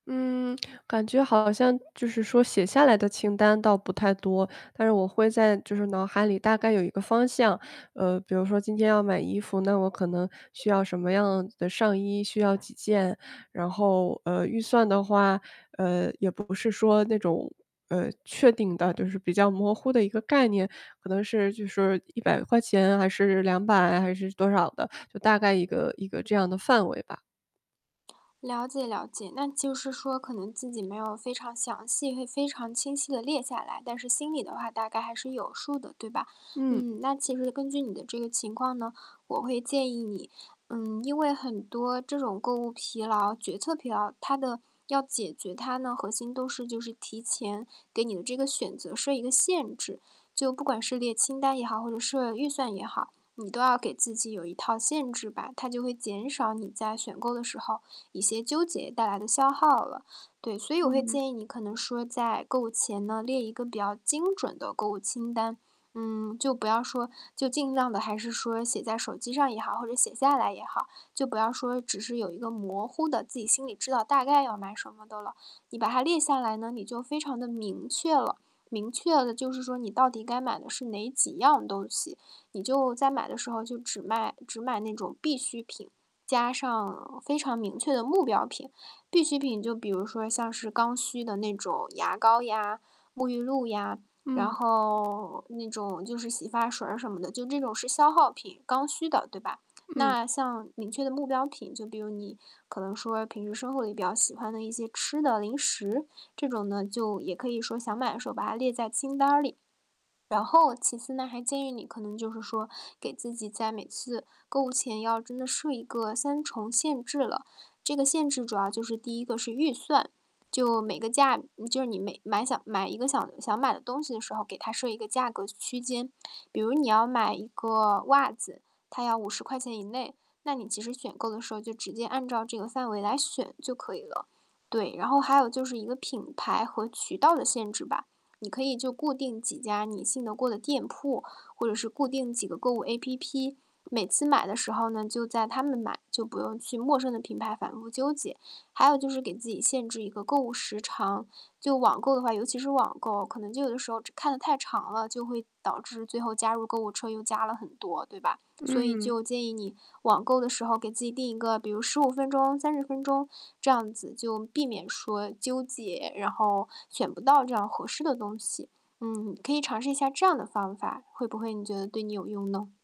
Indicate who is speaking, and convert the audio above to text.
Speaker 1: 嗯，感觉好像就是说写下来的清单倒不太多。但是我会在就是脑海里大概有一个方向。呃，比如说今天要买衣服，那我可能需要什么样的上衣，需要几件。然后，呃，预算的话，呃，也不是说那种，呃，确定的，就是比较模糊的一个概念。可能是就是￥100，还是￥200，还是多少的。就大概一个一个这样的范围吧。
Speaker 2: 了解了解，那就是说，可能自己没有非常详细会非常清晰地列下来，但是心里的话大概还是有数的，对吧？
Speaker 1: 嗯。
Speaker 2: 嗯，那其实根据你的这个情况呢，我会建议你嗯，因为很多这种购物疲劳、决策疲劳，它的要解决它呢，核心都是就是提前给你的这个选择设一个限制。就不管是列清单也好，或者设预算也好，你都要给自己有一套限制吧。它就会减少你在选购的时候一些纠结带来的消耗了。对，所以我会
Speaker 1: 嗯。
Speaker 2: 建议你可能说在购物前呢，列一个比较精准的购物清单。嗯，就不要说就尽量地还是说写在手机上也好，或者写下来也好，就不要说只是有一个模糊的，自己心里知道大概要买什么的了。你把它列下来呢，你就非常地明确了。明确了就是说你到底该买的是哪几样东西。你就在买的时候就只卖只买那种必需品，加上非常明确的目标品。必需品就比如说像是刚需的那种牙膏呀、沐浴露呀，然
Speaker 1: 嗯。
Speaker 2: 后那种就是洗发水儿什么的，就这种是消耗品，刚需的，对吧？
Speaker 1: 嗯。
Speaker 2: 那像明确的目标品，就比如你可能说平时生活里比较喜欢的一些吃的零食，这种呢就也可以说想买的时候把它列在清单儿里。然后，其次呢，还建议你可能就是说给自己在每次购物前要真的设一个3重限制了。这个限制主要就是第一个是预算，就每个价就是你每买想买一个想想买的东西的时候，给他设一个价格区间。比如你要买一个袜子，他要¥50以内，那你其实选购的时候就直接按照这个范围来选就可以了。对，然后还有就是一个品牌和渠道的限制吧。你可以就固定几家你信得过的店铺，或者是固定几个购物 APP，每次买的时候呢，就在它们买，就不用去陌生的品牌反复纠结。还有就是给自己限制一个购物时长，就网购的话尤其是网购哦，可能就有的时候这看得太长了，就会导致最后加入购物车又加了很多，对吧？所以
Speaker 1: 嗯。
Speaker 2: 就建议你网购的时候给自己定一个比如15分钟，30分钟这样子，就避免说纠结，然后选不到这样合适的东西。嗯，可以尝试一下这样的方法，会不会你觉得对你有用呢？